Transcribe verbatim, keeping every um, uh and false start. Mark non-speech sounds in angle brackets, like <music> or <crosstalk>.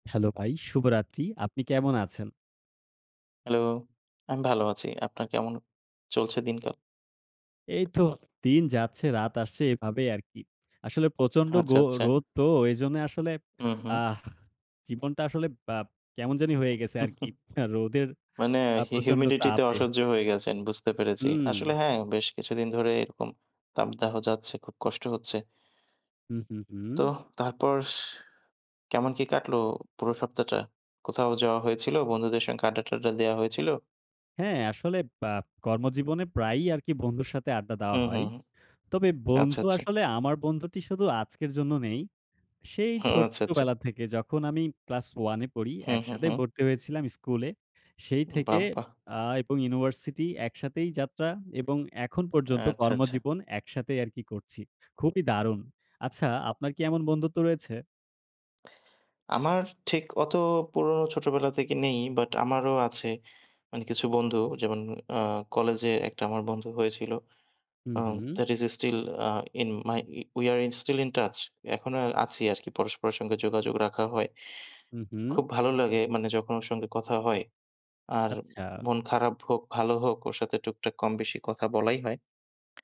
Hello ভাই, শুভরাত্রি। আপনি কেমন আছেন? Hello, আমি ভালো আছি। আপনার কেমন চলছে দিনকাল? এইতো দিন যাচ্ছে, রাত আসছে এভাবেই আর কি। আসলে প্রচণ্ড গো আচ্ছা, আচ্ছা। রোদ তো, ওইজন্যে আসলে হুম, হুম। আহ! জীবনটা আসলে বা কেমন জানি হয়ে গেছে আর কি, রোদের মানে আ হি প্রচণ্ড humidity-তে তাপে। অসহ্য হয়ে গেছেন বুঝতে পেরেছি। হুম। আসলে হ্যাঁ, বেশ কিছুদিন ধরে এরকম তাপদাহ যাচ্ছে, খুব কষ্ট হচ্ছে। হুম, হুম, তো হুম। তারপর স কেমন কি কাটলো পুরো সপ্তাহটা? কোথাও যাওয়া হয়েছিল? বন্ধুদের সঙ্গে আড্ডা-টডডা দেওয়া হয়েছিল? হ্যাঁ, আসলে বা কর্মজীবনে প্রায়ই আর কি বন্ধুর সাথে আড্ডা দেওয়া হুম, হয়। হুম, হু। তবে আচ্ছা, বন্ধু আচ্ছা। আসলে আমার বন্ধুটি শুধু আজকের জন্য নেই। সেই হু, আচ্ছা, আচ্ছা। ছোট্টবেলা থেকে যখন আমি class ওয়ান এ পড়ি, হুম, হুম, একসাথে হুম। পড়তে হয়েছিলাম স্কুলে। সেই উম, থেকে বাবাহ! আ এবং university একসাথেই যাত্রা এবং এখন পর্যন্ত আচ্ছা, আচ্ছা। কর্মজীবন একসাথেই আরকি করছি, খুবই দারুণ। আচ্ছা, আপনার কি এমন বন্ধুত্ব রয়েছে? <tsk> আমার ঠিক অত পুরনো ছোটবেলা থেকে নেই but আমারও আছে, মানে কিছু বন্ধু। যেমন, অ্যা কলেজে একটা আমার বন্ধু হয়েছিল, হুম, আ হুম। that is still, ah in my, we are in still in touch. এখনও আছি আরকি, পরস্পর সঙ্গে যোগাযোগ রাখা হয়। হুম, হুম। খুব ভালো লাগে, মানে যখন ওর সঙ্গে কথা হয়। আর আচ্ছা। মন খারাপ হোক, ভালো হোক ওর সাথে টুকটাক কম বেশি কথা বলাই হয়।